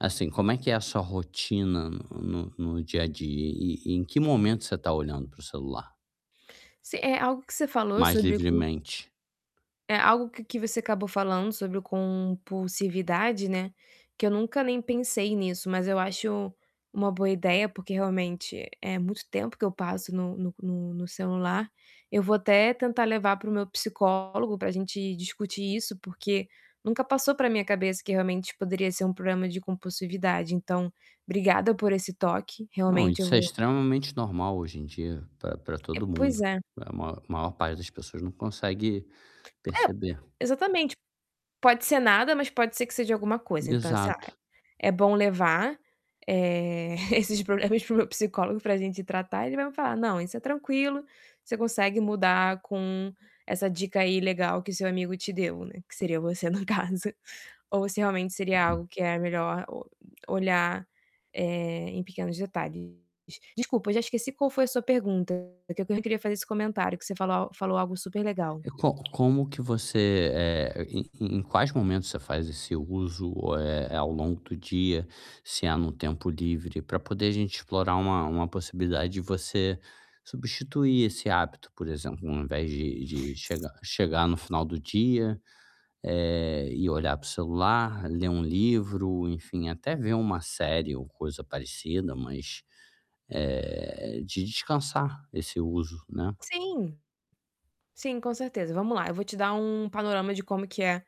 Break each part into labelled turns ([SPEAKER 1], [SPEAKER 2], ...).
[SPEAKER 1] Assim, como é que é a sua rotina n no no dia a dia e e em que momento você tá olhando para o celular?
[SPEAKER 2] Se é algo que você falou
[SPEAKER 1] Mais
[SPEAKER 2] sobre o q
[SPEAKER 1] livremente.
[SPEAKER 2] é algo que que você acabou falando sobre o compulsividade, né, que eu nunca nem pensei nisso, mas eu acho uma boa ideia, porque, realmente, é muito tempo que eu passo no no no no celular. Eu vou até tentar levar para o meu psicólogo pra gente discutir isso, porque nunca passou pela minha cabeça que realmente poderia ser um problema de compulsividade. Então, obrigada por esse toque,
[SPEAKER 1] Não,
[SPEAKER 2] realmente eu
[SPEAKER 1] isso é
[SPEAKER 2] vou
[SPEAKER 1] extremamente normal hoje em dia pra pra
[SPEAKER 2] É,
[SPEAKER 1] todo mundo.
[SPEAKER 2] pois é.
[SPEAKER 1] A ma maior parte das pessoas não consegue
[SPEAKER 2] É,
[SPEAKER 1] perceber.
[SPEAKER 2] exatamente. Pode ser nada, mas pode ser que seja alguma coisa. Então, sei lá,
[SPEAKER 1] Exato.
[SPEAKER 2] é bom levar, eh, esses proble esse para o meu psicólogo pra gente tratar e ele vai me falar: "Não, isso é tranquilo, você consegue mudar com essa dica aí legal que seu amigo te deu", né, que seria você, no caso. Ou se realmente seria
[SPEAKER 1] Uhum.
[SPEAKER 2] algo que é melhor o olhar, eh, em pequenos detalhes. De desculpa, eu já esqueci qual foi a sua pergunta. É que eu queria fazer esse comentário, que você falou al falou algo super legal.
[SPEAKER 1] E co como que você, eh, em em quais momentos você faz esse uso, eh, é ao longo do dia, se é no tempo livre, pra poder a gente explorar uma uma possibilidade de você substituir esse hábito, por exemplo, ao invés de de chegar chegar no final do dia, eh, e olhar para o celular, ler um livro, enfim, até ver uma série ou coisa parecida, mas, eh, de descansar esse uso, né.
[SPEAKER 2] Sim. Sim, com certeza. Vamos lá, eu vou te dar um panorama de como que é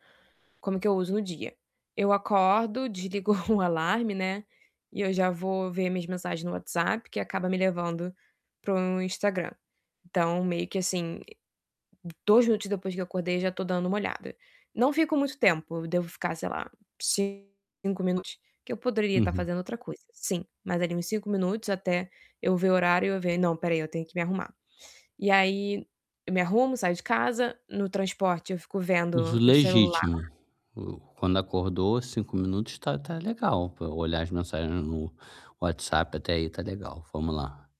[SPEAKER 2] como que eu uso no dia. Eu acordo, desligo o alarme, né, e eu já vou ver minhas mensagens no WhatsApp, que acaba me levando para o Instagram. Então, meio que, assim, 2 minutos depois que eu acordei, já tô dando uma olhada. Não fico muito tempo, devo ficar, sei lá, ci 5 minutos, que eu poderia estar
[SPEAKER 1] Uhum.
[SPEAKER 2] fazendo outra coisa, sim, mas ali em 5 minutos até eu ver o horário eu ver: "Não, espera aí, eu tenho que me arrumar". E aí, me arrumo, saio de casa, no transporte eu fico
[SPEAKER 1] Uso
[SPEAKER 2] vendo o
[SPEAKER 1] legítimo.
[SPEAKER 2] celular
[SPEAKER 1] U quando acordou, 5 minutos tá tá legal pra olhar as mensagens no WhatsApp, até aí tá legal. Vamos lá.